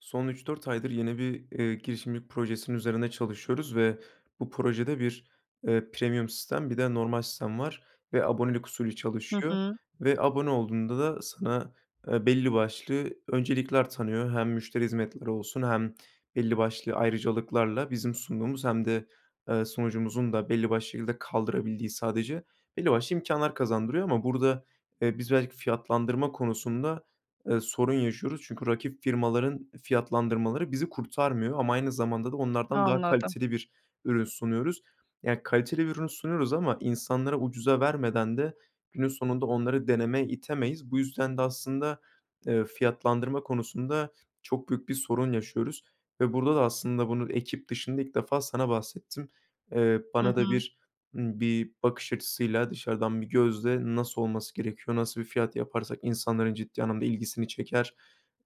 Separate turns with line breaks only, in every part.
Son 3-4 aydır yeni bir, eee, girişimcilik projesinin üzerinde çalışıyoruz ve bu projede bir, eee, premium sistem bir de normal sistem var ve abonelik usulü
Hı
çalışıyor
hı.
ve abone olduğunda da sana, eee, belli başlı öncelikler tanıyor. Hem müşteri hizmetleri olsun hem belli başlı ayrıcalıklarla bizim sunduğumuz hem de, eee, sunucumuzun da belli başlı şekilde kaldırabildiği sadece belli başlı imkânlar kazandırıyor ama burada, eee, biz belki fiyatlandırma konusunda, eee, sorun yaşıyoruz. Çünkü rakip firmaların fiyatlandırmaları bizi kurtarmıyor ama aynı zamanda da onlardan daha
Anladım.
kaliteli bir ürün sunuyoruz. Ya, kaliteli bir ürün sunuyoruz ama insanlara ucuza vermeden de günün sonunda onları denemeye itemeyiz. Bu yüzden de aslında, eee, fiyatlandırma konusunda çok büyük bir sorun yaşıyoruz ve burada da aslında bunu ekip dışında ilk defa sana bahsettim. Eee,
Hı
bana da
hı.
bir, ımm, bir bakış açısıyla dışarıdan bir gözle nasıl olması gerekiyor, nasıl bir fiyat yaparsak insanların ciddi anlamda ilgisini çeker,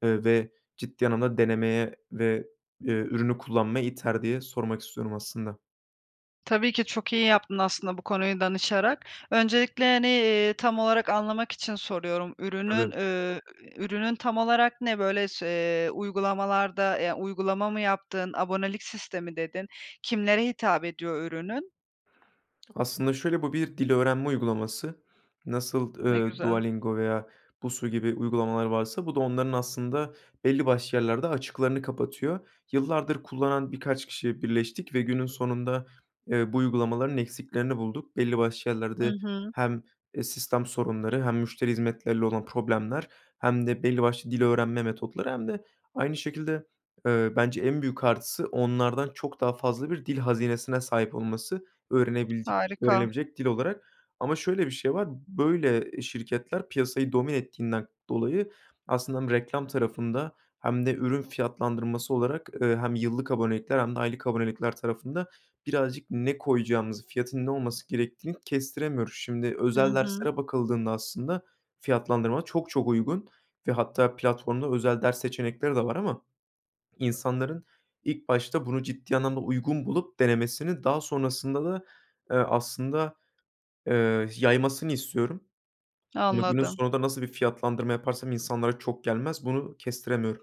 eee, ve ciddi anlamda denemeye ve, eee, ürünü kullanmaya iter, diye sormak istiyorum aslında.
Tabii ki, çok iyi yaptın aslında bu konuyu danışarak. Öncelikle, hani, ııı, tam olarak anlamak için soruyorum. Ürünün,
Tabii.
ü ürünün tam olarak ne? Böyle se uygulamalarda, yani, uygulama mı yaptın? Abonelik sistemi dedin. Kimlere hitap ediyor ürünün?
Aslında şöyle, bu bir dil öğrenme uygulaması. Nasıl,
Ne
ııı,
güzel.
Duolingo veya Busuu gibi uygulamalar varsa bu da onların aslında belli başlı yerlerde açıklarını kapatıyor. Yıllardır kullanan birkaç kişi birleştik ve günün sonunda, eee, bu uygulamaların eksiklerini bulduk. Belli başlı
Hı
yerlerde
hı.
hem, eee, sistem sorunları hem müşteri hizmetleriyle olan problemler hem de belli başlı dil öğrenme metotları hem de aynı şekilde, eee, bence en büyük artısı onlardan çok daha fazla bir dil hazinesine sahip olması. Öğrenebildik
Harika.
öğrenebilecek dil olarak. Ama şöyle bir şey var; böyle, ııı, şirketler piyasayı domine ettiğinden dolayı aslında hem reklam tarafında hem de ürün fiyatlandırması olarak, ııı, hem yıllık abonelikler hem de aylık abonelikler tarafında birazcık ne koyacağımızı, fiyatın ne olması gerektiğini kestiremiyoruz. Şimdi
Hı
özel
hı.
derslere bakıldığında, aslında, fiyatlandırma çok çok uygun ve hatta platformda özel ders seçenekleri de var ama insanların ilk başta bunu ciddi anlamda uygun bulup, denemesini, daha sonrasında da, ııı, aslında, ııı, yaymasını istiyorum. Ama günün
Anladım.
sonunda nasıl bir fiyatlandırma yaparsam insanlara çok gelmez, bunu kestiremiyorum.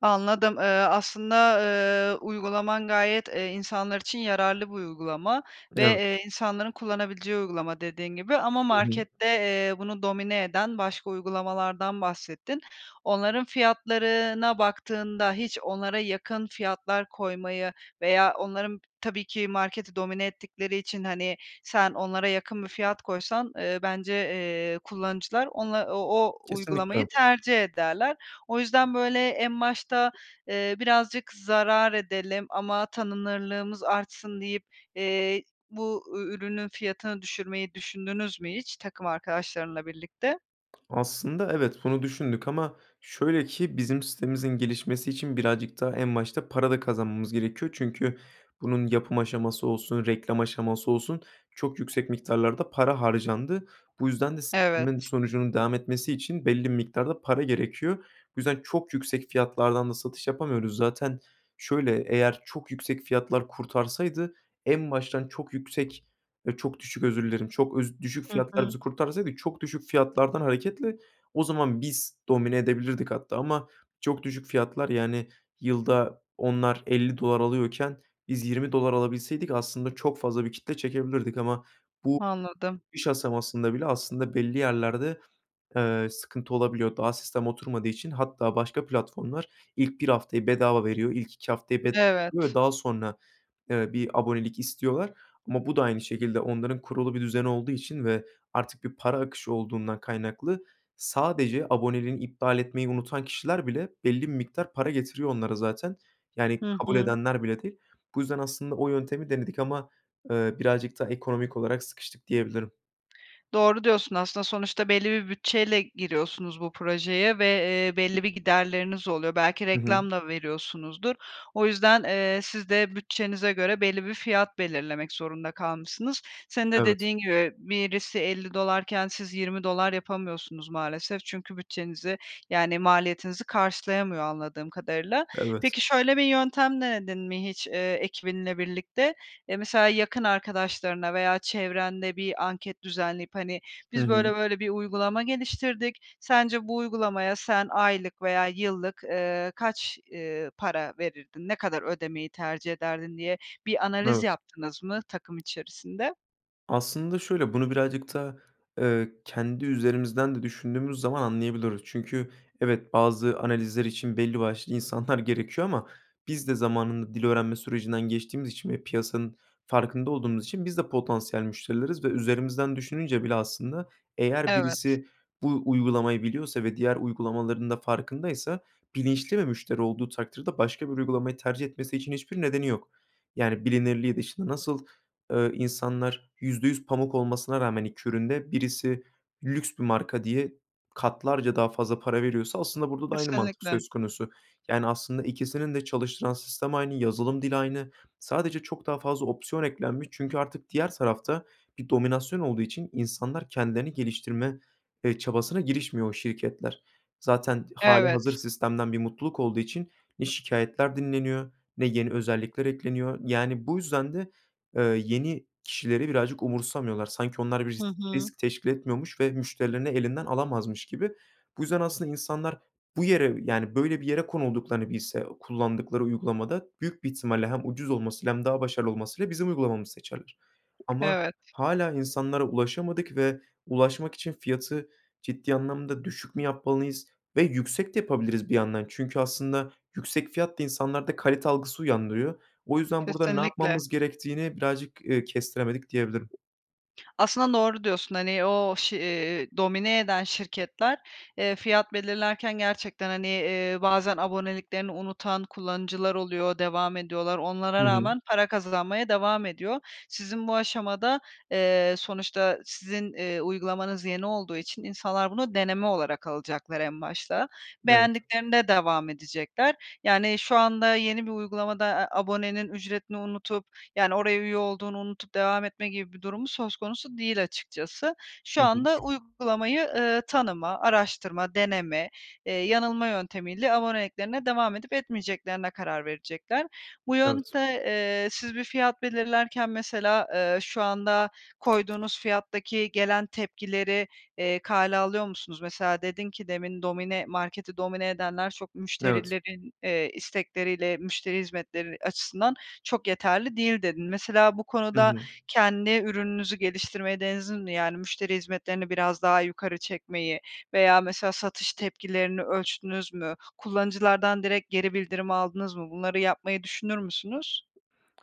Anladım. Eee, aslında, eee, uygulaman gayet, eee, insanlar için yararlı bir uygulama ve,
Evet.
eee, insanların kullanabileceği uygulama dediğin gibi ama
Hı hı.
markette, eee, bunu domine eden başka uygulamalardan bahsettin. Onların fiyatlarına baktığında hiç onlara yakın fiyatlar koymayı veya onların tabii ki marketi domine ettikleri için, hani, sen onlara yakın bir fiyat koysan, eee, bence, eee, kullanıcılar ona o o
Kesinlikle
uygulamayı
[unintelligible]
tercih ederler. O yüzden böyle en başta, eee, birazcık zarar edelim ama tanınırlığımız artsın deyip, eee, bu ü ürünün fiyatını düşürmeyi düşündünüz mü hiç takım arkadaşlarınla birlikte?
Aslında evet, bunu düşündük ama şöyle ki bizim sitemizin gelişmesi için birazcık da en başta para da kazanmamız gerekiyor. Çünkü bunun yapım aşaması olsun, reklam aşaması olsun çok yüksek miktarlarda para harcandı. Bu yüzden de s bunların
Evet.
sonucunun devam etmesi için belli bir miktarda para gerekiyor. Bu yüzden çok yüksek fiyatlardan da satış yapamıyoruz. Zaten şöyle, eğer çok yüksek fiyatlar kurtarsaydı en baştan çok yüksek eee, çok düşük özür dilerim. Çok öz düşük
Hı
fiyatlar
hı.
bizi kurtarsaydı çok düşük fiyatlardan hareketle o zaman biz domine edebilirdik hatta. Ama çok düşük fiyatlar yani yılda onlar $50 alıyorken biz $20 alabilseydik aslında çok fazla bir kitle çekebilirdik ama bu
Anladım.
[unintelligible] iş aşamasında bile aslında belli yerlerde, eee, sıkıntı olabiliyor daha sistem oturmadığı için hatta başka platformlar ilk 1 haftayı bedava veriyor, ilk 2 haftayı bed yor ve
Evet.
daha sonra, eee, bir abonelik istiyorlar. Ama bu da aynı şekilde onların kurulu bir düzeni olduğu için ve artık bir para akışı olduğundan kaynaklı. Sadece aboneliğini iptal etmeyi unutan kişiler bile belli bir miktar para getiriyor onlara zaten. Yani
Hı
kabul
hı.
edenler bile değil. Bu yüzden aslında o yöntemi denedik ama, eee, birazcık da ekonomik olarak sıkıştık diyebilirim.
Doğru diyorsun aslında. Sonuçta belli bir bütçeyle giriyorsunuz bu projeye ve, eee, belli bir giderleriniz oluyor. Belki
Hı hı.
reklam da veriyorsunuzdur. O yüzden, eee, siz de bütçenize göre belli bir fiyat belirlemek zorunda kalmışsınız. Senin de
Evet.
dediğin gibi birisi $50 iken siz $20 yapamıyorsunuz maalesef. Çünkü bütçenizi yani maliyetinizi karşılayamıyor anladığım kadarıyla.
Evet.
Peki, şöyle bir yöntem denedin mi hiç, eee, ekibinle birlikte? Eee, mesela yakın arkadaşlarına veya çevrende bir anket düzenleyip, hani,
Hı
biz
hı.
böyle böyle bir uygulama geliştirdik. Sence bu uygulamaya sen aylık veya yıllık, ııı, kaç, ııı, para verirdin, ne kadar ödemeyi tercih ederdin diye bir analiz
Evet.
yaptınız mı takım içerisinde?
Aslında şöyle, bunu birazcık da, ııı, kendi üzerimizden de düşündüğümüz zaman anlayabiliyoruz. Çünkü evet, bazı analizler için belli başlı insanlar gerekiyor ama biz de zamanında dil öğrenme sürecinden geçtiğimiz için ve piyasanın farkında olduğumuz için biz de potansiyel müşterileriz ve üzerimizden düşününce bile aslında eğer
Evet.
birisi bu uygulamayı biliyorsa ve diğer uygulamaların da farkındaysa bilinçli bir müşteri olduğu takdirde başka bir uygulamayı tercih etmesi için hiçbir nedeni yok. Yani, bilinirliği dışında. Nasıl, ııı, insanlar %100 pamuk olmasına rağmen 2 ürün de birisi lüks bir marka diye katlarca daha fazla para veriyorsa aslında burada da aynı mantık
Kesinlikle.
söz konusu. Yani, aslında ikisinin de çalıştıran sistem aynı, yazılım dili aynı. Sadece çok daha fazla opsiyon eklenmiş çünkü artık diğer tarafta bir dominasyon olduğu için insanlar kendilerini geliştirme, eee, çabasına girişmiyor o şirketler. Zaten hâlihazır
Evet.
sistemden bir mutluluk olduğu için ne şikâyetler dinleniyor ne yeni özellikler ekleniyor. Yani bu yüzden de, ııı, yeni kişileri birazcık umursamıyorlar. Sanki onlar bir
Hı
risk
hı.
risk teşkil etmiyormuş ve müşterilerini elinden alamazmış gibi. Bu yüzden aslında insanlar bu yere, yani, böyle, bir yere konulduklarını bilse kullandıkları uygulamada büyük bir ihtimalle hem ucuz olmasıyla hem daha başarılı olmasıyla bizim uygulamamızı seçerler. Ama
Evet.
hâlâ insanlara ulaşamadık ve ulaşmak için fiyatı ciddi anlamda düşük mü yapmalıyız ve yüksek de yapabiliriz bir yandan. Çünkü aslında yüksek fiyat da insanlarda kalite algısı uyandırıyor. O yüzden burada ne
Kesinlikle.
yapmamız gerektiğini birazcık, ııı, kestiremedik diyebilirim.
Aslında doğru diyorsun, hani, o ş iii, domine eden şirketler, eee, fiyat belirlerken gerçekten, hani, eee, bazen aboneliklerini unutan kullanıcılar oluyor, devam ediyorlar. Onlara
Hı hı.
rağmen para kazanmaya devam ediyor. Sizin bu aşamada, eee, sonuçta sizin, ııı, uygulamanız yeni olduğu için insanlar bunu deneme olarak alacaklar en başta.
Evet.
Beğendiklerinde devam edecekler yani şu anda yeni bir uygulamada a abonenin ücretini unutup yani oraya üye olduğunu unutup devam etme gibi bir durumu söz konusu değil açıkçası.
Hı
Şu
hı.
anda uygulamayı, ııı, tanıma, araştırma, deneme, eee, yanılma yöntemiyle aboneliklerine devam edip etmeyeceklerine karar verecekler. Bu
Evet.
yönte eee, siz bir fiyat belirlerken mesela, ııı, şu anda koyduğunuz fiyattaki gelen tepkileri, eee, kale alıyor musunuz? Mesela dedin ki demin, "Domine marketi domine edenler çok
Evet.
müşterilerin, eee, istekleriyle müşteri hizmetleri açısından çok yeterli değil." dedin. Mesela bu
Hı
konuda
hı.
kendi ürününüzü geliştirmeyi [unintelligible] yani müşteri hizmetlerini biraz daha yukarı çekmeyi veya mesela satış tepkilerini ölçtünüz mü? Kullanıcılardan direkt geri bildirim aldınız mı? Bunları yapmayı düşünür müsünüz?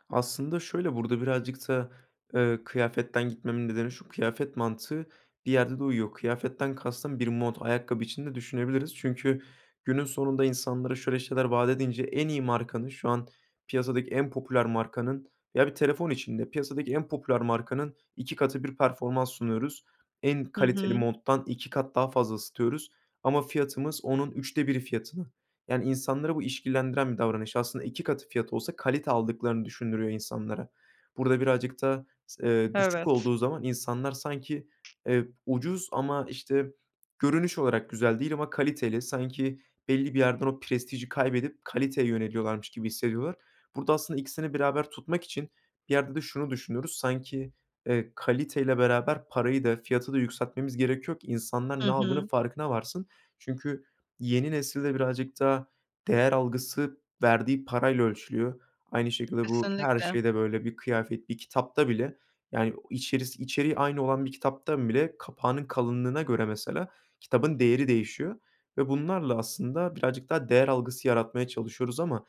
Aslında şöyle, burada birazcık da, ııı, kıyafetten gitmemin nedeni şu: Kıyafet mantığı bir yerde de uyuyor. Kıyafetten kastım bir mont. Ayakkabı için de düşünebiliriz. Çünkü günün sonunda insanlara şöyle şeyler vaat edince en iyi markanın, şu an piyasadaki en popüler markanın veya bir telefon için de piyasadaki en popüler markanın 2 katı bir performans sunuyoruz. En
Hı
kaliteli
hı.
monttan 2 kat daha fazla ısıtıyoruz ama fiyatımız onun 3’te 1’i fiyatına. Yani, insanları bu işkillendiren bir davranış. Aslında 2 katı fiyatı olsa kalite aldıklarını düşündürüyor insanlara. Burada birazcık da s ııı, düşük
Evet.
olduğu zaman insanlar sanki, eee, ucuz ama, işte, görünüş olarak güzel değil ama kaliteli, sanki belli bir yerden o prestiji kaybedip kaliteye yöneliyorlarmış gibi hissediyorlar. Burada aslında ikisini beraber tutmak için bir yerde de şunu düşünüyoruz, sanki, eee, kaliteyle beraber parayı da fiyatı da yükseltmemiz gerekiyor ki insanlar
Hı
ne aldığının
hı.
farkına varsın. Çünkü yeni nesilde birazcık daha değer algısı verdiği parayla ölçülüyor. Aynı şekilde bu her
Kesinlikle.
şeyde böyle. Bir kıyafet, bir kitapta bile yani o içerisi içeriği aynı olan bir kitaptan bile kapağının kalınlığına göre mesela kitabın değeri değişiyor ve bunlarla aslında birazcık daha değer algısı yaratmaya çalışıyoruz ama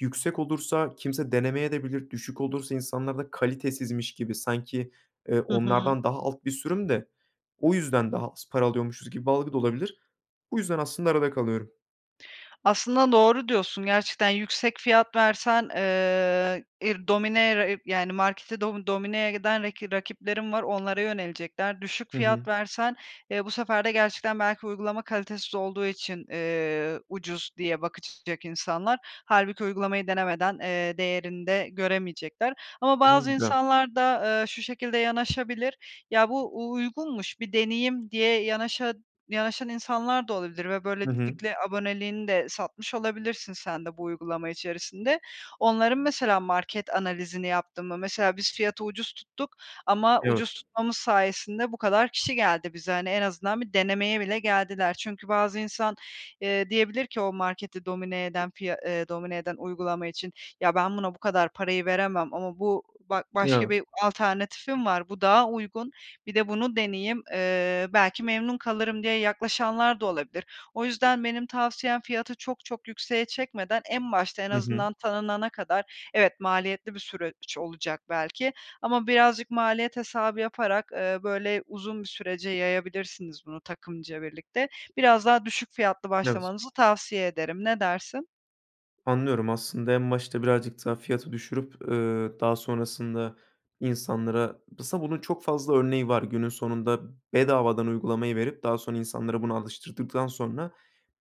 yüksek olursa kimse denemeyebilir de, düşük olursa insanlarda kalitesizmiş gibi sanki, ııı,
Hı hı.
onlardan daha alt bir sürüm de o yüzden daha az para alıyormuşuz gibi bir algı da olabilir. Bu yüzden aslında arada kalıyorum.
Aslında doğru diyorsun. Gerçekten yüksek fiyat versen, ııı, ir dominere yani marketi domi domineye giden raki rakiplerin var, onlara yönelecekler. Düşük
Hı hı.
fiyat versen, eee, bu sefer de gerçekten belki uygulama kalitesiz olduğu için, eee, ucuz diye bakacak insanlar. Hâlbuki uygulamayı denemeden, eee, değerini de göremeyecekler. Ama bazı
[unintelligible]
insanlar da, ııı, şu şekilde yanaşabilir: Ya bu u uygunmuş, bir deneyim diye yanaşa yanaşan insanlar da olabilir ve
Hı hı.
böylelikle aboneliğini de satmış olabilirsin sen de bu uygulama içerisinde. Onların mesela market analizini yaptın mı? Mesela biz fiyatı ucuz tuttuk ama
Evet.
ucuz tutmamız sayesinde bu kadar kişi geldi bize. Hani, en azından bir denemeye bile geldiler. Çünkü bazı insan, eee, diyebilir ki o marketi domine eden piya ııı, domine eden uygulama için, "Ya ben buna bu kadar parayı veremem ama bu ba başka
Evet.
bir alternatifim var, bu daha uygun, bir de bunu deneyeyim. Eee, belki memnun kalırım." diye yaklaşanlar da olabilir. O yüzden benim tavsiyem fiyatı çok çok yükseğe çekmeden en başta en
Hı hı.
azından tanınana kadar evet maliyetli bir süreç olacak belki ama birazcık maliyet hesabı yaparak, ııı, böyle uzun bir sürece yayabilirsiniz bunu takımca birlikte. Biraz daha düşük fiyatlı
Evet.
başlamanızı tavsiye ederim. Ne dersin?
Anlıyorum aslında. En başta birazcık daha fiyatı düşürüp, eee, daha sonrasında insanlara, [unintelligible] bunun çok fazla örneği var günün sonunda. Bedavadan uygulamayı verip daha sonra insanlara bunu alıştırdıktan sonra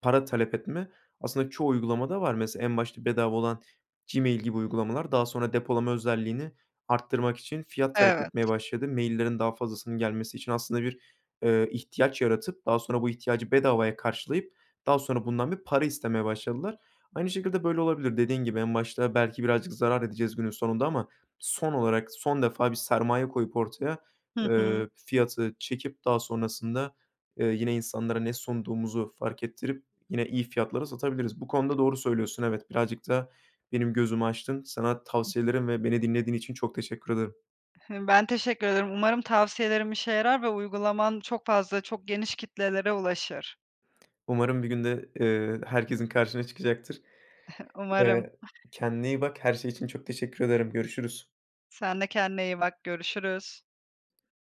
para talep etme aslında çoğu uygulamada var. Mesela en başta bedava olan Gmail gibi uygulamalar daha sonra depolama özelliğini arttırmak için fiyat talep
Evet.
etmeye başladı. Maillerin daha fazlasının gelmesi için aslında bir, eee, ihtiyaç yaratıp daha sonra bu ihtiyacı bedavaya karşılayıp daha sonra bundan bir para istemeye başladılar. Aynı şekilde böyle olabilir. Dediğin gibi en başta belki birazcık zarar edeceğiz günün sonunda ama son olarak son defa bir sermaye koyup ortaya,
Hı hı.
eee, fiyatı çekip daha sonrasında, eee, yine insanlara ne sunduğumuzu fark ettirip yine iyi fiyatlara satabiliriz. Bu konuda doğru söylüyorsun, evet. Birazcık da benim gözümü açtın. Sana tavsiyelerin ve beni dinlediğin için çok teşekkür ederim.
Ben teşekkür ederim, umarım tavsiyelerim işe yarar ve uygulaman çok fazla, çok geniş kitlelere ulaşır.
Umarım bir gün de, eee, herkesin karşına çıkacaktır.
Umarım.
Eee, kendine iyi bak, her şey için çok teşekkür ederim. Görüşürüz.
Sen de kendine iyi bak, görüşürüz.